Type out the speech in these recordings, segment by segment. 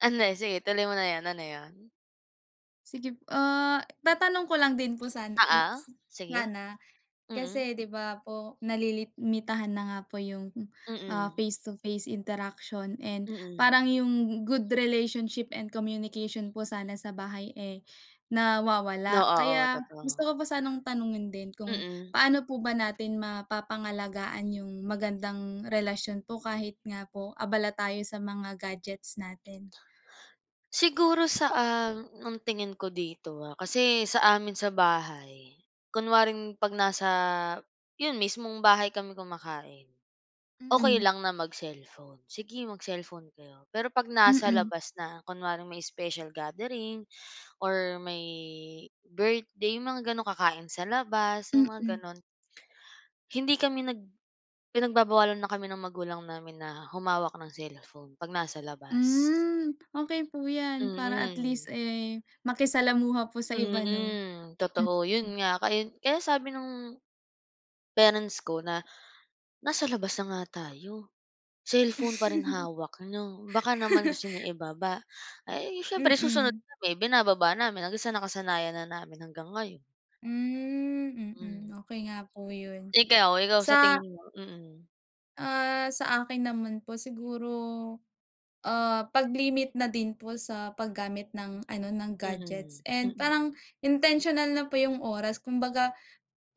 Ano, sige, tuloy mo na yan. Ano yun? Sige, ah, tatanong ko lang din po sana Oo, s sige. sana, Mm. kasi di ba po nalilimitahan na nga po yung, ah, Mm. face to face interaction and Mm. parang yung good relationship and communication po sana sa bahay eh Oo, nawawala oo, kaya gusto totoo. ko pa sanang tanungin din kung Mm. paano po ba natin mapapangalagaan yung magandang relasyon po kahit nga po abala tayo sa mga gadgets natin. Siguro sa, um, ang tingin ko dito, ah, kasi sa amin sa bahay kunwaring 'pag nasa 'yon, mismong bahay kami kumakain, okey Mm. lang na mag-cellphone. Sige mag-cellphone kayo. Pero 'pag nasa Mm. labas na, kunwaring may special gathering or may birthday, yung mga gano'n, kakain sa labas, yung mga Mm. gano'n. Hindi kami nag pinagbabawalan na kami ng magulang namin na humawak ng cellphone 'pag nasa labas. Hmm, okey po 'yan, para at Mm. least eh, makisalamuha po sa iba, 'no? Mm, totoo. Mm. Yun nga. Kaya kaya sabi nung parents ko na, "Nasa labas na nga tayo, cellphone pa rin hawak niyo. Baka naman gusto niyo ibaba." Ay, siyempre susunod Mm. kami, binababa namin, hanggang sa nakasanayan na namin hanggang ngayon. Hmm, Mm. mm. Okey nga po yun, Ikaw, ikaw sa sa tingin mo? Mm. ah, sa akin naman po, siguro, ah, 'pag limit na din po sa paggamit ng ano, ng gadgets Mm, and mm. parang intentional na po yung oras, kumbaga,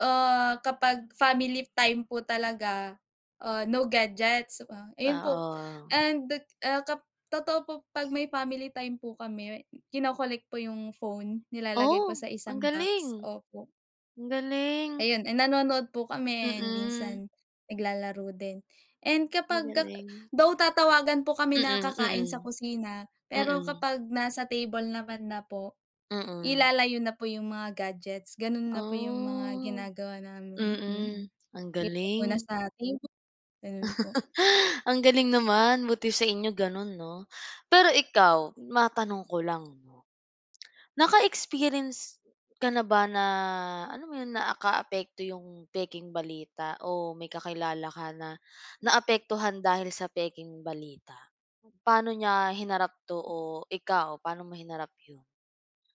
ah, kapag family time po talaga, ah, no gadgets, ah, ayun po, Oo. and, dek ah, kap totoo po 'pag may family time po kami, kino-collect po yung phone, nilalagay po Oh, sa ang isang box, galing. opo. Ang galing. Ayun, eh nanonood po kami, Mm. minsan naglalaro din and Ang kapagka galing. though tatawagan po kami na kakain sa Mm, kusina, pero mm. kapag nasa table naman na po, Mm. ilalayo na po yung mga gadgets, ganun Ah, na po yung mga ginagawa namin, mm, mm, ang iwan muna galing. sa table. Ganun po. Ang galing naman, buti sa inyo ganun, 'no? Pero ikaw, matanong ko lang, 'no, naka-experience ka na ba na, alam mo yun, naakaapekto yung pekeng balita o may kakilala ka na naapektuhan dahil sa pekeng balita? Paano niya hinarap 'to o ikaw, paano mo hinarap yun?